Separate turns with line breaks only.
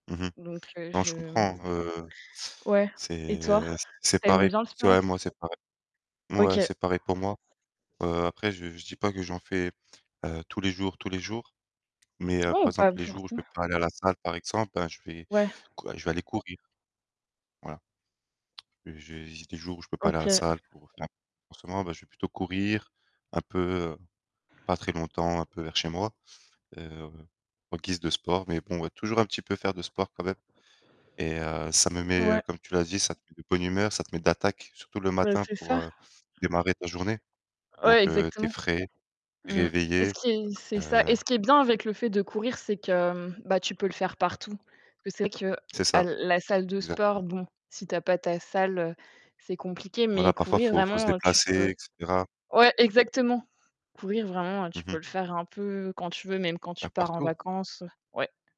Mmh mh.
Donc heu,
Non, je
je
comprends, heu,
ouais. Et toi,
c'est c'est
tu aimes
pareil.
bien le sport
Toi et
aussi?
moi c'est pareil. Mouais,
OK.
c'est pareil pour moi. Heu, après, je je dis pas que j'en fais, heu, tous les jours, tous les jours mais heu,
Ouais,
par
pas
exemple, les jours où je peux
forcément.
pas aller à la salle par exemple, ben je vais
Ouais.
cou je vais aller courir voilà. J'ai j'ai des jours où je peux pas aller à la
OK.
salle pour [unintelligible] en ce moment, bah je vais plutôt courir, un peu, heu, pas très longtemps, un peu vers chez moi, heu, en guise de sport mais bon ouais, toujours un petit peu faire de sport quand même. Et heu, ça me met, heu,
Ouais.
comme tu l'as dit, ça te met de bonne humeur, ça te met d'attaque, surtout le
Bah
matin
c'est
pour,
ça.
heu, démarrer ta journée.
Ouais,
Donc heu, tu es
exactement.
frais,
Mmh et ce
réveillé,
qui est c'est ça
heu
et ce qui est bien avec le fait de courir, c'est que, mmh, bah tu peux le faire partout. Parce que c'est vrai
C'est
qu'à
ça,
la salle de sport,
exactement.
bon, si tu as pas ta salle, heu, c'est compliqué
Voilà,
mais
parfois,
courir
faut faut se
vraiment, heu, tu peux
déplacer et cetera.
ouais, exactement. Courir, vraiment, heu,
Mmh
tu peux
mh.
le faire un peu quand tu veux, même quand
Bah
tu pars en
partout.
vacances ouais.